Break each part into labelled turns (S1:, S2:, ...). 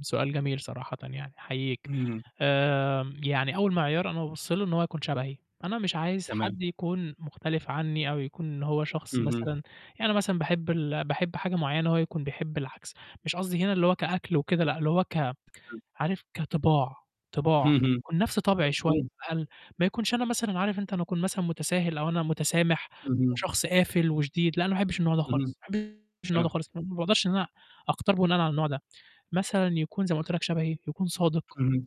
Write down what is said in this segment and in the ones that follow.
S1: سؤال جميل صراحةً يعني، أحييك،
S2: إمم.
S1: آمم، يعني أول معيار أنا بابُص له إن هو يكون شبهي، أنا مش عايز
S2: تمام.
S1: حد يكون مختلف عني أو يكون إن هو شخص
S2: اهم.
S1: مثلًا يعني أنا مثلًا باحب ال باحب حاجة معيّنة هو يكون بيحب العكس، مش قصدي هنا اللي هو كأكل وكده لأ، اللي هو ك
S2: تمام.
S1: عارف كطباع، طباع،
S2: اهم.
S1: يكون نفْس طبعي شوية
S2: مفهوم.
S1: أو أقل، ما يكونش أنا مثلًا عارف أنت أنا أكون مثلًا متساهل أو أنا متسامح وهو
S2: اهم.
S1: شخص قافل وشديد، لأ، أنا ما أحبش النوع ده
S2: اهم.
S1: خالص، ما أحبش النوع ده
S2: تمام.
S1: خالص، ما باقدرش إن أنا أختار بناءً على النوع ده، مثلًا يكون زَي ما قُلت لك شبهي، يكون صادق،
S2: اهم.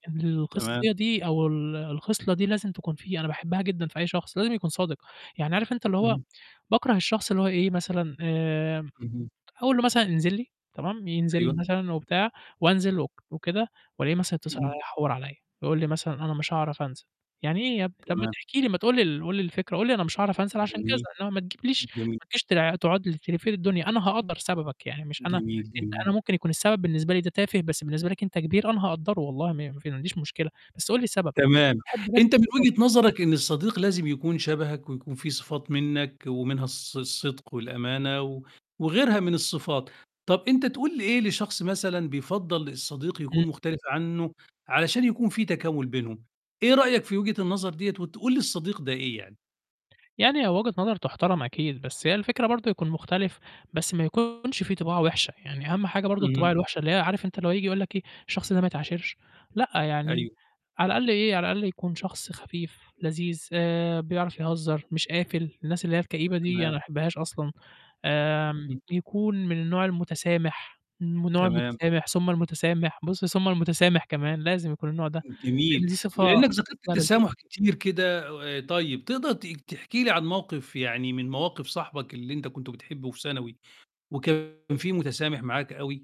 S2: تمام.
S1: الخصية دي أو ال الخصلة دي لازم تكون فيه، أنا باحبها جدًا في أي شخص، لازم يكون صادق، يعني عارف أنت اللي هو
S2: اهم.
S1: باكره الشخص اللي هو إيه مثلًا آمم،
S2: اهم.
S1: أقول له مثلًا انزل لي تمام ينزل
S2: أيوه.
S1: مثلًا وبتاع وأنزل وك وكده وألاقيه مثلًا يتصل
S2: اهم.
S1: عليَّ يحوّر عليَّ، يقول لي مثلًا أنا مش هاعرف أنزل، يعني إيه يابني! طَب ما
S2: تمام.
S1: تحكي لي ما تقول لي ال قُل لي الفكرة، قُل لي أنا مش هاعرف أنزل عشان كذا،
S2: جميل.
S1: إنما ما تجيبليش
S2: جميل.
S1: ما تجيش تلا تقعد لي تِلِفّ لي الدنيا، أنا هأقدَّر سببك يعني مش أنا
S2: جميل،
S1: أنت
S2: جميل.
S1: أنا ممكن يكون السبب بالنسبة لي ده تافه بس بالنسبة لك أنت كبير، أنا هاقدَّره والله م ما عنديش مشكلة، بس قُل لي السبب،
S2: تمام،
S1: باحب بس
S2: أنت من
S1: تكون صادق.
S2: وجهة نظرك إن الصديق لازم يكون شبهك، ويكون فيه صفات منّك ومنها الص الصدق والأمانة، و وغيرها من الصفات، طَب أنت تقول إيه لشخص مثلًا بيفضَّل الصديق
S1: إمم.
S2: يكون مختلف عنه علشان يكون فيه تكامُل بينهم، إيه رأيك في وجهة النظر ديّة وتقول للصديق ده إيه يعني؟
S1: يعني هي وجهة نظر تُحتَرَم أكيد، بس هي الفكرة برضو يكون مختلف بس ما يكونش فيه طباع وحشة، يعني أهَم حاجة برضو الطباع
S2: اهم.
S1: الوحشة اللي هي عارف أنت اللي هو ييجي يقول لك إيه، الشخص ده ما يتعاشرش، لأ، يعني
S2: أيوه.
S1: على الأقل إيه على الأقل يكون شخص خفيف، لذيذ، آآ، بيعرف يهزّر مش قافل، الناس اللي هي الكئيبة دي أنا ما
S2: تمام.
S1: باحبهاش أصلًا، آمم،
S2: إمم.
S1: يكون من النوع المتسامح، من النوع
S2: تمام.
S1: المتسامح، ثم المتسامح، بُصّ، ثم المتسامح كمان، لازم يكون النوع ده، لإن
S2: جميل،
S1: دي صفة
S2: ولإنك ذكرت
S1: خصلة لذيذة.
S2: التسامح كتير كده، طيب تقدَر ت تحكي لي عن موقف يعني من مواقف صاحبك اللي أنت كنت بتحبه في ثانوي، وكان فيه متسامح معاك أوي؟